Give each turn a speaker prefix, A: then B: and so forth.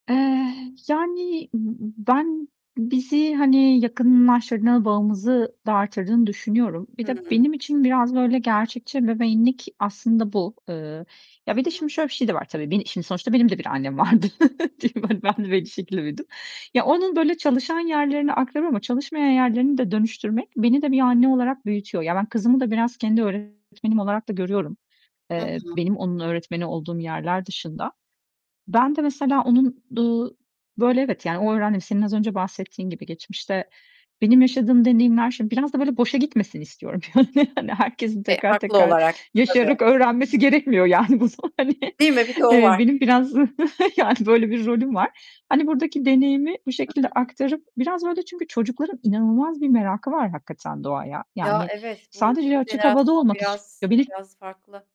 A: Eee, yani, b ben, bizi, hani, yakınlaştırdığı, bağımızı da arttırdığını düşünüyorum. Bir de
B: Hıı.
A: benim için biraz böyle gerçekçi ebeveynlik aslında bu. Eee,
B: Hı
A: ya, bir de şimdi
B: hı.
A: şöyle bir şey de var tabii. Beni şimdi sonuçta benim de bir annem vardı. Değil mi? Hani, ben de bir şekilde büyüdüm. Ya, onun böyle çalışan yerlerini aktarıyorum ama çalışmayan yerlerini de dönüştürmek beni de bir anne olarak büyütüyor. Ya, ben kızımı da biraz kendi öğretmenim olarak da görüyorum.
B: Hı
A: Eee,
B: hı.
A: benim onun öğretmeni olduğum yerler dışında. Ben de mesela onun, uuu, böyle, evet yani onu öğrendim, senin az önce bahsettiğin gibi, geçmişte benim yaşadığım deneyimler, şimdi biraz da böyle boşa gitmesin istiyorum yani. Hani, herkesin
B: E,
A: tekrar
B: haklı
A: tekrar
B: olarak. Tabii.
A: yaşayarak öğrenmesi gerekmiyor yani bu son hani.
B: Değil mi? Bir de o
A: Eee,
B: var.
A: benim biraz, yani, böyle bir rolüm var. Hani, buradaki deneyimi bu
B: Hı,
A: şekilde
B: hı, hı.
A: aktarıp, biraz böyle, çünkü çocukların inanılmaz bir merakı var hakikaten doğaya.
B: Ya,
A: Yani,
B: evet, bu yeni
A: sadece açık havada
B: jenerasyon
A: olmak
B: biraz,
A: istiyorlar Bir de
B: biraz farklı.